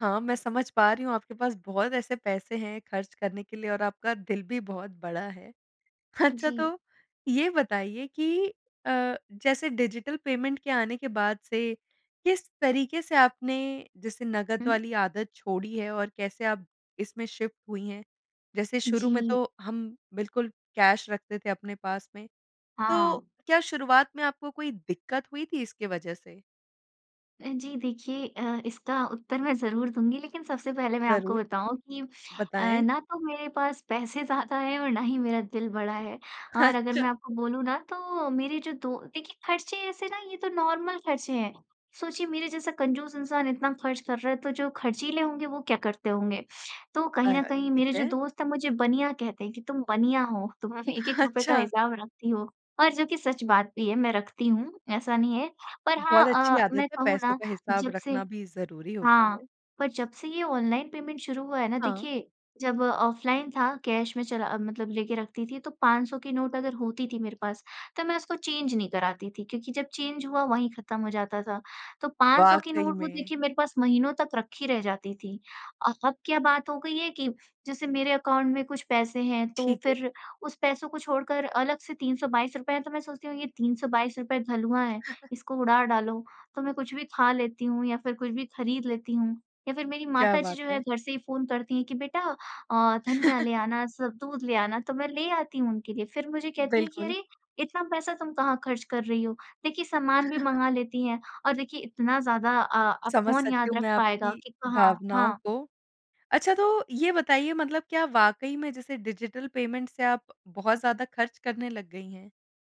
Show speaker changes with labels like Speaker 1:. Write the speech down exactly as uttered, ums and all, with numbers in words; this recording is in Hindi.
Speaker 1: हाँ, मैं समझ पा रही हूँ आपके पास बहुत ऐसे पैसे हैं ख़र्च करने के लिए और आपका दिल भी बहुत बड़ा है। अच्छा
Speaker 2: जी।
Speaker 1: तो ये बताइए कि अ, जैसे डिजिटल पेमेंट के आने के बाद से किस तरीक़े से आपने जैसे नगद
Speaker 2: हुँ।
Speaker 1: वाली आदत छोड़ी है और कैसे आप इसमें शिफ़्ट हुई हैं? जैसे शुरू में
Speaker 2: जी।
Speaker 1: तो हम बिल्कुल कैश रखते थे अपने पास में,
Speaker 2: हाँ।
Speaker 1: तो क्या शुरुआत में आपको कोई दिक़्क़त हुई थी इसकी वज़ह से?
Speaker 2: अ, जी देखिए अ, इसका उत्तर मैं ज़रूर दूँगी लेक़िन सबसे पहले मैं आपको
Speaker 1: ज़रूर।
Speaker 2: बताऊँ कि अ,
Speaker 1: बताएँ।
Speaker 2: ना तो मेरे पास पैसे ज़्यादा है और ना ही मेरा दिल बड़ा है। और अगर
Speaker 1: अच्छा
Speaker 2: मैं आपको बोलूँ ना तो मेरे जो दो देखिए ख़र्चे ऐसे ना ये तो नॉर्मल ख़र्चे हैं। सोचिए मेरे जैसा कंजूस इंसान इतना ख़र्च कर रहा है तो जो ख़र्चीले होंगे वो क्या करते होंगे, तो कहीं
Speaker 1: आय
Speaker 2: न
Speaker 1: हाय!
Speaker 2: कहीं
Speaker 1: ठीक
Speaker 2: मेरे जो
Speaker 1: है।
Speaker 2: दोस्त हैं मुझे बनिया कहते हैं कि तुम बनिया हो, तुम हमे
Speaker 1: ह
Speaker 2: एक-एक
Speaker 1: ह
Speaker 2: रूपय का
Speaker 1: अच्छा
Speaker 2: हिसाब रखती हो और जो कि सच बात भी है मैं रखती हूँ, ऐसा नहीं है। पर हाँ
Speaker 1: बहुत अच्छी
Speaker 2: अ,
Speaker 1: आदत
Speaker 2: मैं
Speaker 1: है।
Speaker 2: कहूँ
Speaker 1: पैसों
Speaker 2: ना
Speaker 1: का हिसाब
Speaker 2: जब से
Speaker 1: रखना भी ज़रूरी होता
Speaker 2: हाँ,
Speaker 1: है।
Speaker 2: पर जब से ये ऑनलाइन पेमेंट शुरू हुआ है ना
Speaker 1: हाँ।
Speaker 2: देखिए जब ऑफ़लाइन था कैश में चला अ, मतलब लेके रखती थी तो पाँच सौ की नोट अगर होती थी मेरे पास तो मैं उसको चेंज नहीं कराती थी क्योंकि जब चेंज हुआ वहीं ख़त्म हो जाता था, तो पाँच सौ की
Speaker 1: वाक़ई
Speaker 2: नोट वो
Speaker 1: में।
Speaker 2: देखिए मेरे पास महीनों तक रखी रह जाती थी। अ अब क्या बात हो गई है कि जैसे मेरे अकाउंट में कुछ पैसे हैं तो
Speaker 1: ठीक है।
Speaker 2: फ़िर उस पैसों को छोड़कर अलग से तीन सौ बाईस रुपए है तो मैं सोचती हूँ ये तीन सौ बाईस रुपए हलुआ है इसको उड़ा डालो तो मैं कुछ भी ख़ा लेती हूँ या फ़िर कुछ भी ख़रीद लेती हूँ या फ़िर मेरी
Speaker 1: क्या
Speaker 2: माताजी
Speaker 1: बात
Speaker 2: जो है
Speaker 1: है!
Speaker 2: घर से ही फ़ोन करती हैं कि बेटा अ, धनिया ले आना सब दूध ले आना तो मैं ले आती हूँ उनके लिए फ़िर मुझे कहती हैं कि
Speaker 1: बिल्कुल।
Speaker 2: अरे! इतना पैसा तुम कहाँ ख़र्च कर रही हो, देखिए सामान भी मँगा लेती हैं और देखिए इतना ज़्यादा अ अब
Speaker 1: समझ
Speaker 2: कौन
Speaker 1: सकती
Speaker 2: याद
Speaker 1: हूँ
Speaker 2: रख
Speaker 1: मैं
Speaker 2: पाएगा
Speaker 1: आपकी
Speaker 2: कि कहाँ
Speaker 1: भावनाओं
Speaker 2: हाँ।
Speaker 1: को। अच्छा तो ये बताइए मतलब क्या वाक़ई में जैसे डिजिटल पेमेंट से आप बहुत ज़्यादा ख़र्च करने लग गई हैं?